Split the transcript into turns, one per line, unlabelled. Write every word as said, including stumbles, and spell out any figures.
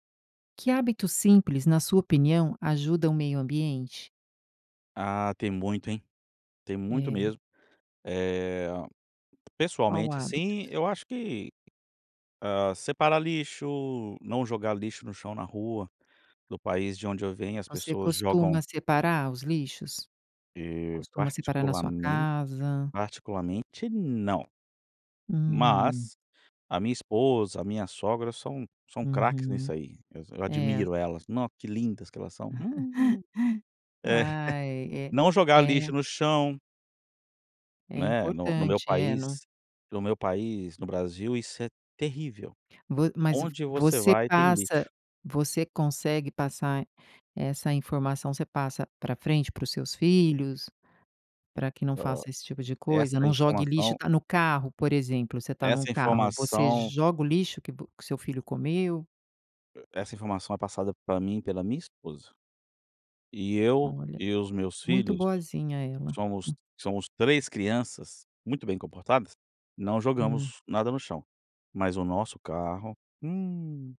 Que hábitos simples, na sua opinião, ajudam o meio ambiente?
Ah, tem muito, hein. Tem muito
É.
mesmo. Eh,
Qual
pessoalmente, assim,
hábitos?
eu acho que, hã, separar lixo, não jogar lixo no chão, na rua. Do país de onde eu venho as
Você
pessoas
costuma
jogam
separar os lixos? Você
E,
costuma separar na sua
particularmen
casa?
particularmente não.
Hum.
Mas a minha esposa, a minha sogra são são craques nisso
Uhum,
aí, eu
é.
admiro elas, nó que lindas que elas são. Hum. É.
Ai,
Não
é,
jogar
é.
lixo no chão.
É
Né, no no meu
importante, é num
país, no meu país, no Brasil, isso é terrível.
Vo mas v
Onde você
você
vai tem
passa
lixo.
você consegue passar essa informação, você passa pra frente, para os seus filhos, pra que não
Hã,
faça esse tipo de coisa?
essa
Não jogue lixo,
informação
tá no carro, por exemplo, você tá num
Essa
carro, você
informação.
joga o lixo que vo que o seu filho comeu?
Essa informação é passada pra mim pela minha esposa. E eu
Olha,
e os meus
muito
filhos,
boazinha ela.
somos somos três crianças, muito bem comportadas, não
Hum.
jogamos nada no chão. Mas o nosso carro, hum.